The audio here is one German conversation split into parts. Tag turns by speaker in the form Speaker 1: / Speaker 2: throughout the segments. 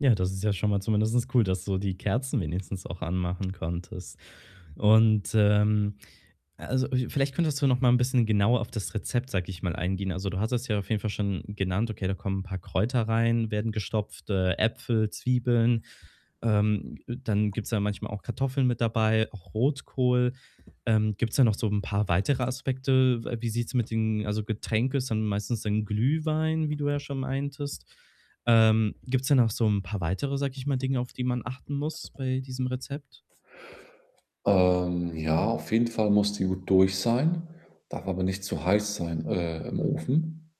Speaker 1: Ja, das ist ja schon mal zumindest cool, dass du die Kerzen wenigstens auch anmachen konntest. Und, ähm, a also vielleicht könntest du noch mal 'n bisschen genauer auf das Rezept, sage ich mal, eingehen. Also, du hattest ja auf jeden Fall schon genannt: Okay, da kommen 'n paar Kräuter rein, werden gestopft, äh, Äpfel, Zwiebeln. Ähm, dann gibt's da manchmal auch Kartoffeln mit dabei, auch Rotkohl. Ähm, gibt's da noch so 'n paar weitere Aspekte? We wie sieht's mit den also, Getränke ist dann meistens dann Glühwein, wie du ja schon meintest. Ähm, gibt es denn noch so 'n paar weitere, sage ich mal, Dinge, auf die man achten muss bei diesem Rezept?
Speaker 2: Ähm, ja, auf jeden Fall muss die gut durch sein, darf aber nicht zu heiß sein, äh, im Ofen.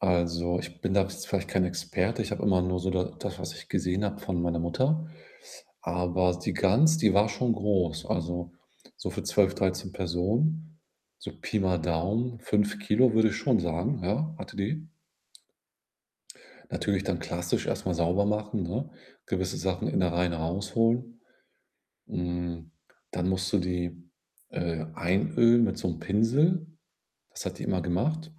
Speaker 2: Also, ich bin da s vielleicht kein Experte, ich habe immer nur so da das, was ich gesehen habe von meiner Mutter, aber die Gans, die war schon groß. Also, so für 12, 13 Personen, so Pi mal Daumen, 5 kg würde ich schon sagen, ja, hatte die. Natürlich dann klassisch erstmal sauber machen, ne, gewisse Sachen, Innereien rausholen. Hm, dann musst du die, äh, einölen mit so 'nem Pinsel. Das hat die immer gemacht.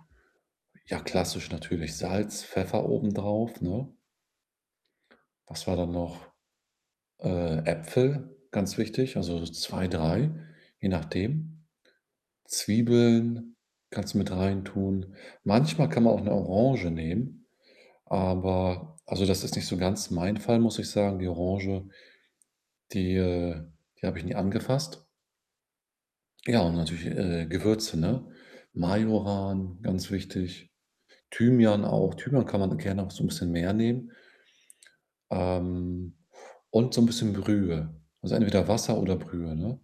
Speaker 2: Ja, klassisch natürlich. Salz, Pfeffer obendrauf, ne? Was war dann noch? Äh, Äpfel, ganz wichtig, also, so 2, 3, je nachdem. Zwiebeln kannst du mit reintun. Manchmal kann man auch 'ne Orange nehmen, aber also, das ist nicht so ganz mein Fall, muss ich sagen. Die Orange, die, äh die habe ich nie angefasst. Ja, und natürlich, äh, Gewürze, ne? Majoran, ganz wichtig. Thymian auch. Thymian kann man gerne auch so 'n bisschen mehr nehmen. Ähm, und so 'n bisschen Brühe, also, entweder Wasser oder Brühe, ne?